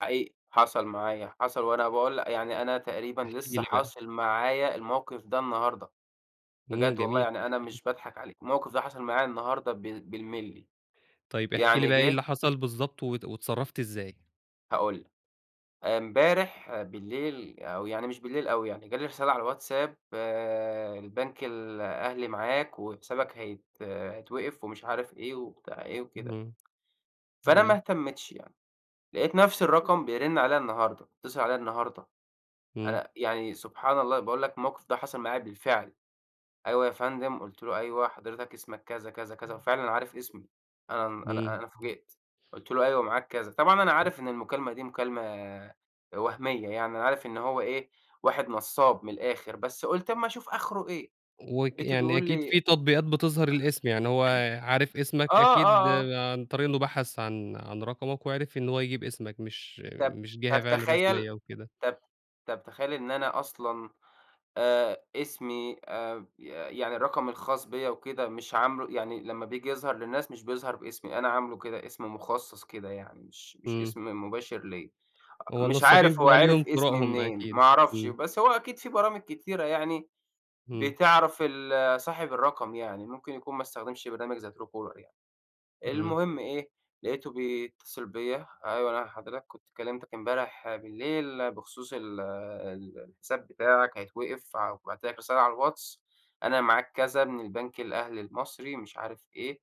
حقيقي، حصل معايا، حصل وأنا باقول ل يعني أنا تقريبًا احكِ لسه لي بقى. حاصل معايا الموقف ده النهارده، إمم بجد والله جميل، يعني أنا احكِ لي. مش باضحك عليك، الموقف ده حصل معايا النهارده ب بالمللي، طيب، احكِ لي يعني بقى إيه اللي جِه حصل بالضبط وات واتصرَّفت إزاي؟ هاقول لك، إمبارح بالليل أو يعني مش بالليل أوي يعني جالي رسالة على الواتساب، البنك الأهلي معاك، وحسابك هيت هيتوقف ومش عارف إيه، وبتاع إيه وكده. إمم، فأنا ما جميل. اهتميتش يعني، لقيت نفس الرقم بيرن عليَّ النهارده، بيتصل عليَّ النهارده، إمم. أنا يعني سبحان الله باقول لك الموقف ده حصل معايا بالفعل، أيوه يا فندم قلت له أيوه حضرتك اسمك كذا كذا كذا، وفعلًا عارف اسمي أنا أنا إمم. أنا فوجئت، قلت له أيوه معاك كذا، طبعًا أنا عارف إن المكالمة دي مكالمة وهمية يعني، أنا عارف إن هو إيه واحد نصاب من الآخر بس قلت أمّا أشوف آخرُه إيه، وك لقيته يعني بيقول أكيد لي فيه تطبيقات بتظهِر الاسم، يعني هو عارف اسمك آه، أكيد آه، آه. عن طريق إنه بَحَث عن عن رقمك وعرِف إن هو يجيب اسمك، مش طَب مش جهة طَب فعلًا تخيَّل، رسمية وكده. طَب طَب تخيَّل إن أنا أصلًا آآ، اسمي آآ، ي يعني الرقم الخاص بيَّا وكده مش عاملُه يعني لمّا بييجي يظهر للناس مش بيظهر باسمي، أنا عاملُه كده اسم مُخصّص كده يعني مش مش إمم. اسم مباشر ليَّا، هو مش النصابين عارف هو بيبقى ليهم عِرَف اسمي طرقهم منين، أكيد، ما أعرفش إمم. بس هو أكيد فيه برامج كتيرة يعني امم. بتعرَف ال صاحب الرقم يعني، ممكن يكون ما استخدمش برنامج زي truecaller يعني، إمم. المهم إيه لقيتُه بيتصل بيَّ، أيوه أنا حضرتك كنت كلّمتك إمبارح بالليل بخصوص ال ال الحساب بتاعك هيتوقف، وبَعَت لك رسالة على الواتس، أنا معاك كذا من البنك الأهلي المصري مش عارف إيه،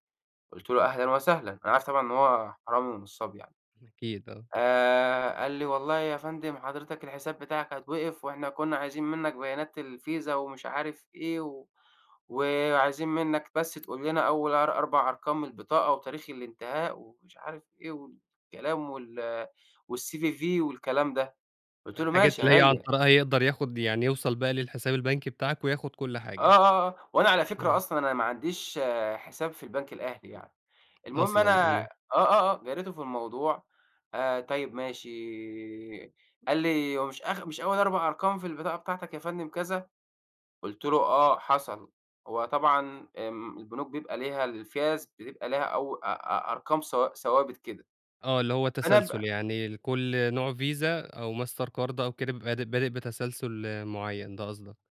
قلت له أهلًا وسهلًا، أنا عارف طبعًا إن هو حرامي ونصاب يعني. أكيد، آه. آآ، قال لي والله يا فندم حضرتك الحساب بتاعك هيتوقف، وإحنا كنا عايزين منك بيانات الفيزا ومش عارف إيه و وعايزين منك بس تقول لنا أول أر أربع أرقام من البطاقة وتاريخ الانتهاء، ومش عارف إيه والكلام وال وال CVV والكلام ده، قلت له: الحاجات "ماشي اللي هي عن عينيا." طريقها يقدَر ياخد يعني يوصَل بقى للحساب البنكي بتاعك، وياخد كل آه، حاجة. آه، آه وأنا على فكرة إمم. أصلًا أنا ما عنديش حساب في البنك الأهلي يعني، المهم أصلًا، أنا إمم. آه، آه، آه جاريته في الموضوع، آآ، طيب ماشي قال لي: "هو مش آخ مش أول 4 أرقام في البطاقة بتاعتك يا فندم كذا؟"، قلت له: "آه حصل"، هو طبعًا امم البنوك بيبقى ليها الفيَّز بيبقى ليها أو أ أ أرقام ثوا ثوابت كده، آه اللي هو أنا تسلسل، ب يعني لكل نوع فيزا أو ماستر كارد أو كده بيبقى باد بادىء بتسلسل معين، ده قصدك؟